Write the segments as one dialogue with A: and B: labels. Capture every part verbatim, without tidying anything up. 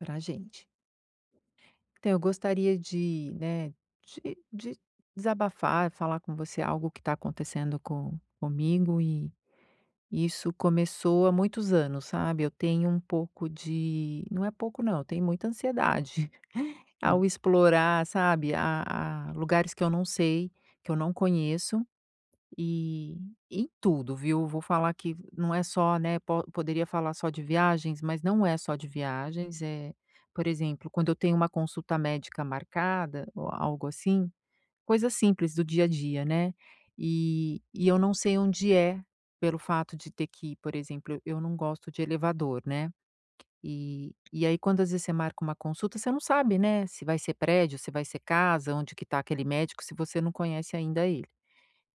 A: Para a gente. Então eu gostaria de, né, de de desabafar, falar com você algo que tá acontecendo com comigo e isso começou há muitos anos, sabe? Eu tenho um pouco de não é pouco, não. Eu tenho muita ansiedade
B: Hum.
A: ao explorar, sabe, a a lugares que eu não sei, que eu não conheço. E em tudo, viu? Vou falar que não é só, né, po poderia falar só de viagens, mas não é só de viagens. Eh, por exemplo, quando eu tenho uma consulta médica marcada ou algo assim, coisa simples do dia a dia, né? E e eu não sei onde é, pelo fato de ter que, por exemplo, eu não gosto de elevador, né. E e aí, quando às vezes você marca uma consulta, você não sabe, né, se vai ser prédio, se vai ser casa, onde que tá aquele médico, se você não conhece ainda ele.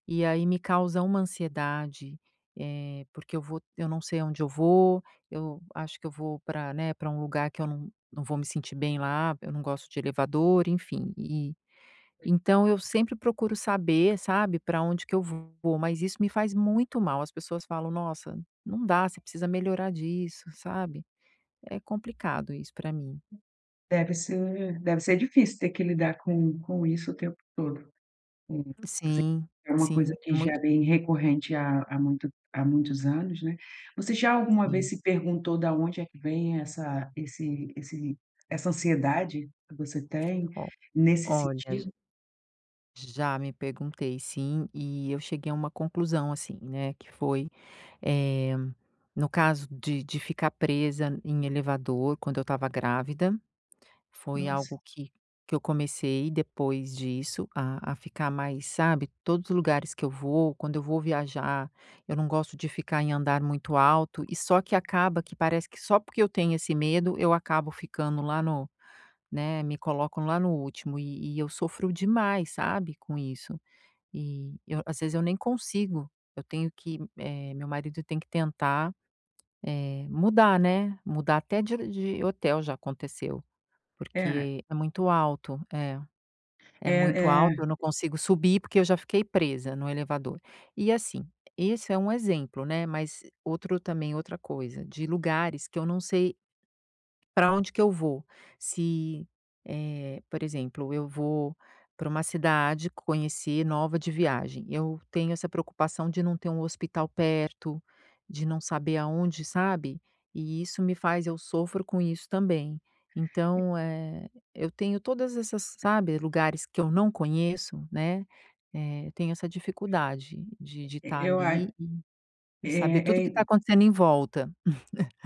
A: E aí me causa uma ansiedade, eh, porque eu vou eu não sei aonde eu vou. Eu acho que eu vou pra, né, pra um lugar que eu não não vou me sentir bem lá. Eu não gosto de elevador, enfim, e então eu sempre procuro saber, sabe, pra onde que eu vou, mas isso me faz muito mal. As pessoas falam: "Nossa, não dá. Você precisa melhorar disso", sabe? É complicado isso pra mim.
B: Deve ser deve ser difícil ter que lidar com com isso o tempo todo. Hum, você
A: Sim,
B: é uma
A: sim,
B: coisa
A: é
B: que já
A: muito
B: vem recorrente há há muito há muitos anos, né? Você já alguma vez
A: Sim.
B: se perguntou da onde é que vem essa esse esse essa ansiedade que você tem
A: Ó,
B: nesse
A: olha, j
B: sentido?
A: Já me perguntei sim, e eu cheguei a uma conclusão, assim, né, que foi, eh, no caso de de ficar presa em elevador quando eu estava grávida, foi
B: Nossa.
A: algo que que eu comecei depois disso, a a ficar mais, sabe, todos os lugares que eu vou, quando eu vou viajar, eu não gosto de ficar em andar muito alto e só que acaba que parece que só porque eu tenho esse medo, eu acabo ficando lá no né, me colocam lá no último e e eu sofro demais, sabe, com isso e eu às vezes eu nem consigo. Eu tenho que, eh, meu marido tem que tentar, eh, mudar, né, mudar até de de hotel já aconteceu.
B: É.
A: Porque é muito alto, é é
B: É,
A: muito alto,
B: é.
A: eu não consigo subir porque eu já fiquei presa no elevador. E, assim, esse é um exemplo, né, mas outro também outra coisa de lugares que eu não sei pra onde que eu vou, se, eh, por exemplo, eu vou pra uma cidade conhecer nova de viagem. Eu tenho essa preocupação de não ter um hospital perto, de não saber aonde, sabe, e isso me faz eu sofro com isso também.
B: É
A: Então, eh, eu tenho todas essas sabe, lugares que eu não conheço, né, eh, eu tenho essa dificuldade de de
B: E
A: estar
B: eu a é,
A: ali e e saber tudo o que tá
B: é
A: acontecendo em volta.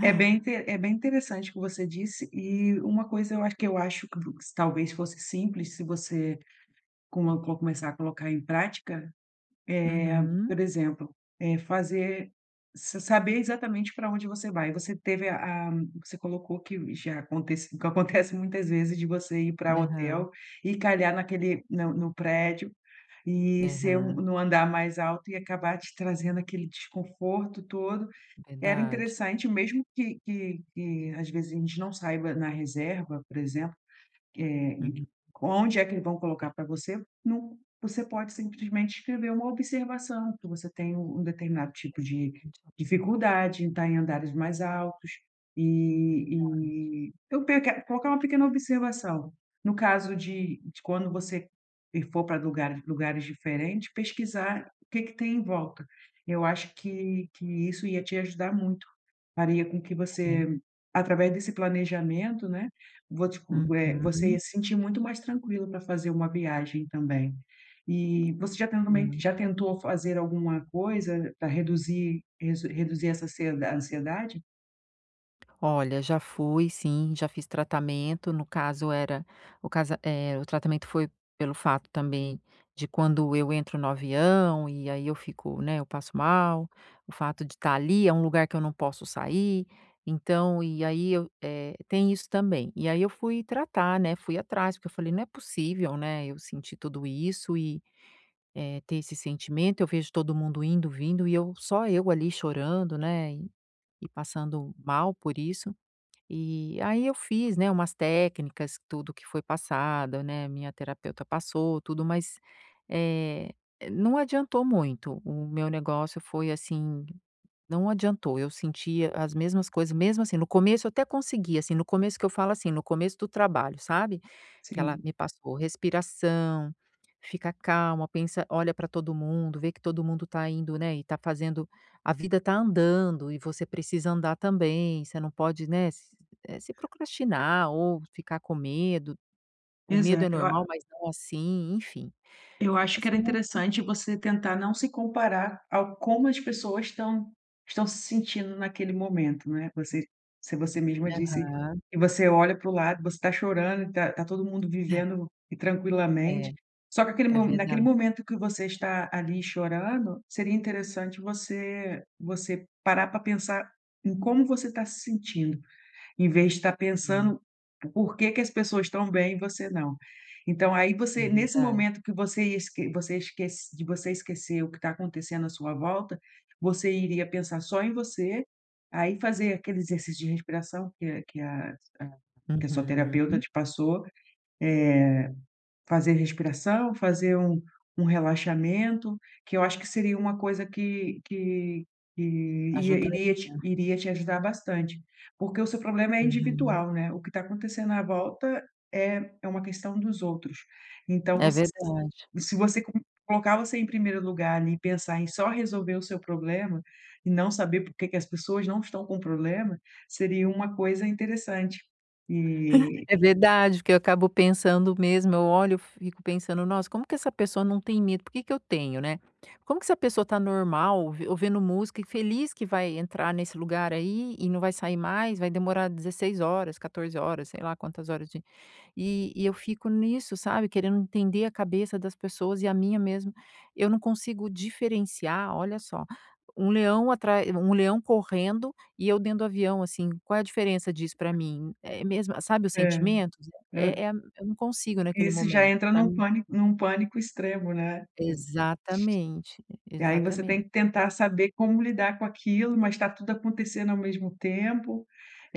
B: É bem inte é bem interessante o que você disse, e uma coisa eu acho que eu acho que vo talvez fosse simples, se você como co começar a colocar em prática. Eh,
A: Uhum.
B: por exemplo, é fazer s saber exatamente pra onde você vai. Você teve a a que você colocou que já acontece o que acontece muitas vezes de você ir pra o
A: Aham.
B: hotel e calhar naquele na no prédio e ser um
A: Aham.
B: no andar mais alto e acabar te trazendo aquele desconforto todo. Era
A: Verdade.
B: interessante, mesmo que que que às vezes a gente não saiba na reserva, por exemplo, eh,
A: Uhum.
B: onde é que eles vão colocar pra você não você pode simplesmente escrever uma observação que você tem um um determinado tipo de
A: [unintelligible]
B: dificuldade em estar em andares mais altos
A: Verdade.
B: e e eu peque colocar uma pequena observação, no caso de de quando você e for pra lugare lugares diferentes, pesquisar o que que tem em volta. Eu acho que que isso ia te ajudar muito, faria com que
A: É.
B: você através desse planejamento, né, vou te con eh, você
A: Uhum.
B: ia se sentir muito mais tranquila pra fazer uma viagem também. E você já tentou meio
A: Sim.
B: já tentou fazer alguma coisa pra reduzir resu reduzir essa ansie a ansiedade?
A: Olha, já fui sim, já fiz tratamento no caso era o cas é o tratamento foi pelo fato também de quando eu entro no avião e aí eu fico, né, eu passo mal. O fato de estar ali é um lugar que eu não posso sair, então e aí eu, eh, tem isso também. E aí eu fui tratar, né, fui atrás porque eu falei: “Não é possível, né, eu senti tudo isso e, eh, ter esse sentimento. Eu vejo todo mundo indo vindo e eu só eu ali chorando, né, e passando mal por isso". E aí eu fiz, né, umas técnicas, tudo que foi passado, né, minha terapeuta passou tudo, mas. eh, não adiantou muito. O meu negócio foi assim não adiantou. Eu sentia as mesmas coisas mesmo assim, no começo, eu até consegui assim, no começo que eu falo assim, no começo do trabalho, sabe, que ela
B: Sim.
A: me passou respiração, "fica calma, pensa, olha para todo mundo, vê que todo mundo está indo, né, e está fazendo a vida está andando e você precisa andar também. Você não pode, né, se eh, se procrastinar ou ficar com medo. O medo é
B: Exato, eu a
A: normal, mas não assim", enfim,
B: Eu acho que
A: assim
B: era
A: muito
B: interessante você tentar não se comparar ao como as pessoas estão estão se sentindo naquele momento, não é. Você se você mesma disse
A: Aham.
B: que você olha para o lado, você está chorando, tá tá todo mundo vivendo e
A: É,
B: tranquilamente. Só que aquele
A: é
B: mo
A: verda
B: naquele momento que você está ali chorando, seria interessante você você parar para pensar em como você está se sentindo. Em vez de estar
A: Hum.
B: pensando por que que as pessoas estão bem e você não. Então aí
A: É
B: você nesse
A: verdade.
B: momento que você ia esque você esquec de você esquecer o que está acontecendo à sua volta, você iria pensar só em você. Aí fazer aquele exercício de respiração que a que a que a sua terapeuta
A: Uhum.
B: te passou, eh, fazer respiração, fazer um um relaxamento, que eu acho que seria uma coisa que que que iria te
A: Ajudaria.
B: iria te ajudar bastante, porque o seu problema é
A: Uhum.
B: individual, né, o que está acontecendo à volta é é uma questão dos outros. Então
A: É
B: você
A: verdade.
B: se você co colocar você em primeiro lugar ali e pensar em só resolver o seu problema e não saber por que que as pessoas não estão com problema, seria uma coisa interessante e
A: É verdade que eu acabo pensando mesmo eu olho, eu fico pensando: “Nossa, como que essa pessoa não tem medo, por que que eu tenho, né? Como que essa pessoa está normal, ou ouvindo música e feliz que vai entrar nesse lugar aí e não vai sair mais? Vai demorar dezesseis horas, quatorze horas. Sei lá quantas horas de“, e e eu fico nisso, sabe, querendo entender a cabeça das pessoas e a minha mesmo. Eu não consigo diferenciar olha só, um leão atra um leão correndo e eu dentro do avião assim, qual é a diferença disso para mim? É mesmo, sabe, os
B: É,
A: sentimentos
B: é.
A: é é eu não consigo naquele
B: Isso já
A: momento
B: entra
A: pra
B: num
A: mim
B: pânico num pânico extremo, né?
A: Exatamente,
B: E aí você tem
A: exatamente.
B: que tentar saber como lidar com aquilo, mas está tudo acontecendo ao mesmo tempo,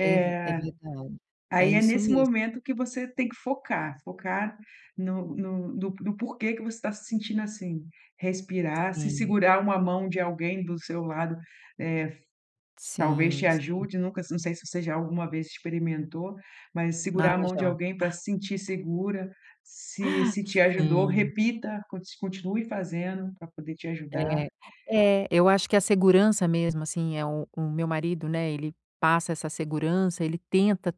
A: É ver é verdade, é
B: aí é
A: isso
B: nesse
A: mesmo.
B: momento que você tem que focar, focar no no no no porquê que você está se sentindo assim. Respirar, se
A: Sim.
B: segurar uma mão de alguém do seu lado, eh, talvez te
A: Sim, sim.
B: ajude. Nunca não sei se você já alguma vez experimentou, mas
A: Ah,
B: segurar a mão de
A: já.
B: alguém para se sentir segura. Se se te ajudou,
A: Sim.
B: repita, con continue fazendo para poder te ajudar.
A: É, é, eu acho que a segurança mesmo assim é o o meu marido, né, ele passa essa segurança, ele tenta,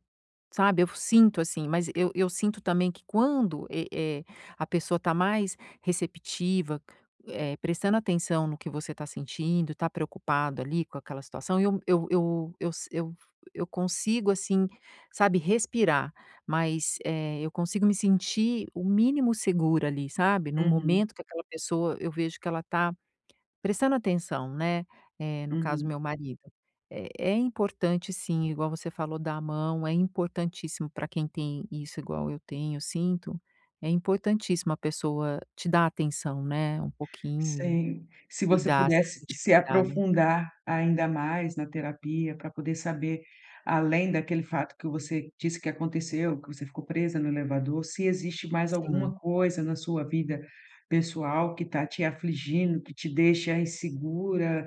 A: sabe, eu sinto assim, mas eu eu sinto também que quando é é, a pessoa está mais receptiva, eh, prestando atenção no que você está sentindo, está preocupado ali com aquela situação, eu eu eu eu si eu eu consigo assim, sabe, respirar, mas eh, eu consigo me sentir o mínimo segura ali, sabe, no
B: Uhum.
A: momento que aquela pessoa, eu vejo que ela está prestando atenção, né, eh, no caso,
B: Uhum.
A: meu marido é é importante, sim. Igual você falou, dá a mão, é importantíssimo para quem tem isso igual eu tenho, eu sinto é importantíssimo a pessoa te dar atenção, né, um pouquinho e
B: Sim, se você
A: cuidar, se
B: pudesse
A: sentir
B: se
A: cuidado.
B: aprofundar ainda mais na terapia para poder saber, além daquele fato que você disse que aconteceu, que você ficou presa no elevador, se existe mais
A: Sim.
B: alguma coisa na sua vida pessoal que está te afligindo, que te deixa insegura,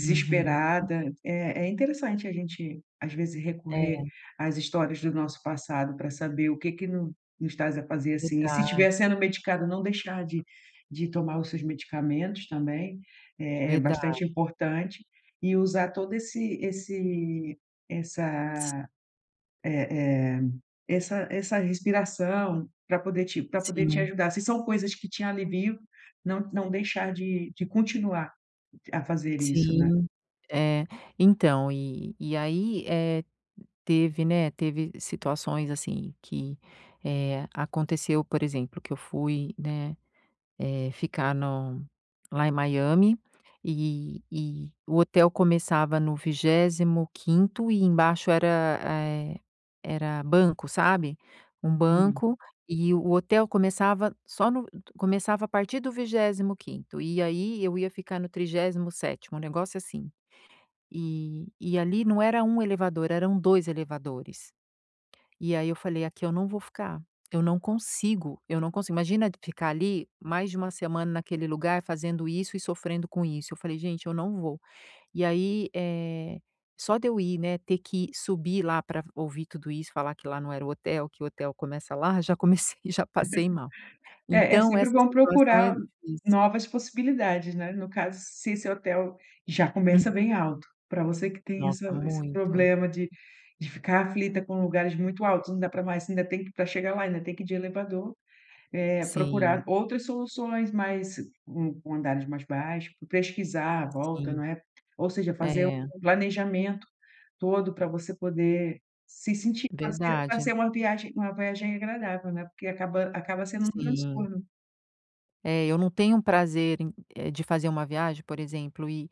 A: Uhum.
B: É é interessante a gente às vezes
A: É.
B: recorrer às histórias do nosso passado para saber o que que no nos está a fazer assim e se
A: Verdade.
B: tiver sendo medicado, não deixar de de tomar os seus medicamentos também é é bastante
A: Verdade.
B: importante e usar todo esse esse
A: Si
B: essa eh eh, essa essa respiração para poder te para poder te
A: Sim.
B: ajudar. Se são coisas que te aliviam, não não deixar de de continuar a fazer isso, né?
A: Sim, é, então e e aí, eh, teve, né, teve situações assim que, eh, aconteceu, por exemplo, que eu fui, né, eh ficar no lá em Miami e e o hotel começava no vigésimo quinto e embaixo era eh, era banco, sabe, um
B: Entendi.
A: banco e o hotel começava só no começava a partir do vigésimo quinto e aí eu ia ficar no trigésimo sétimo, um negócio assim e e ali não era um elevador, eram dois elevadores. E aí eu falei: “Aqui eu não vou ficar! Eu não consigo, eu não consigo”. Imagina ficar ali mais de uma semana naquele lugar, fazendo isso e sofrendo com isso. Eu falei: “Gente, eu não vou!”. E aí, eh, só de eu ir, né, ter que subir lá para ouvir tudo isso, falar que lá não era o hotel. Que o hotel começa lá, já comecei já passei mal.
B: É, é
A: Então
B: sempre
A: essa
B: bom
A: situação é
B: procurar
A: difícil.
B: novas possibilidades, né, no caso, se esse hotel já começa
A: Hum.
B: bem alto pra você que tem essa
A: Nossa
B: esse
A: muito.
B: problema de de ficar aflita com lugares muito altos, não dá para mais ainda tem que pra chegar lá, ainda tem que ir de elevador, eh, procurar
A: Sim.
B: outras soluções, mas com com andares mais baixos, pesquisar à volta,
A: Sim,
B: não é, ou seja, fazer
A: é.
B: um planejamento todo para você poder se sentir fazer
A: Verdade.
B: fazer uma viagem uma viagem agradável, né, porque acaba acaba sendo um
A: Sim.
B: transtorno.
A: É, eu não tenho um prazer em eh, de fazer uma viagem, por exemplo, e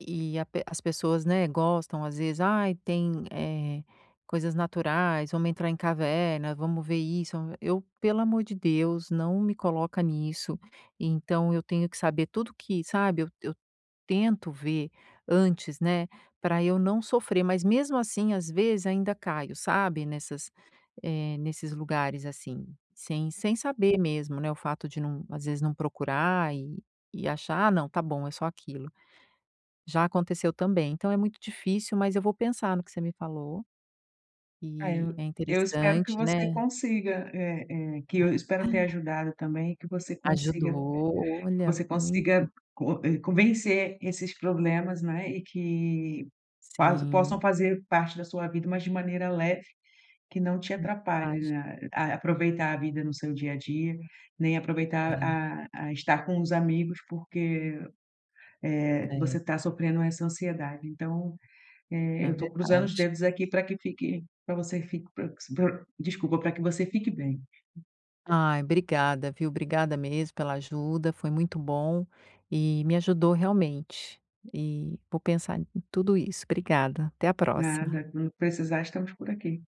A: e a pe as pessoas, né, gostam às vezes: "ai tem, eh, coisas naturais, vamos entrar em caverna, vamos ver isso." Eu pelo amor de Deus, não me coloca nisso. Então eu tenho que saber tudo que sabe, eu eu eu tento ver antes, né, pra eu não sofrer, mas mesmo assim, às vezes ainda caio, sabe nessas eh, nesses lugares assim, sem sem saber mesmo, né, o fato de não às vezes não procurar e e achar: "Ah, não, tá bom, é só aquilo." Já aconteceu também. Então é muito difícil, mas eu vou pensar no que você me falou.
B: É,
A: Eh,
B: eu
A: é
B: eu espero que
A: interessante, né.
B: você consiga eh eh, que eu espero ter ajudado também e, que você consiga
A: Ajudou,
B: que
A: olha,
B: você
A: muito.
B: consiga co eh, convencer esses problemas, né. E que pa possam
A: Sim.
B: fazer parte da sua vida, mas de maneira leve, que não te atrapalhe,
A: [unintelligible]
B: né, a aproveitar a vida no seu dia a dia, nem aproveitar
A: É.
B: a a estar com os amigos, porque, eh,
A: É.
B: você tá sofrendo essa ansiedade. Então, eh,
A: É
B: eu tô cruzando os
A: verdade.
B: dedos aqui pra que fique pra você fique pro pro desculpa, pra que você fique bem.
A: Ai, obrigada, viu. Obrigada mesmo pela ajuda. Foi muito bom, e me ajudou realmente, e vou pensar em tudo isso. Obrigada, até a próxima.
B: Nada. Quando precisar, estamos por aqui.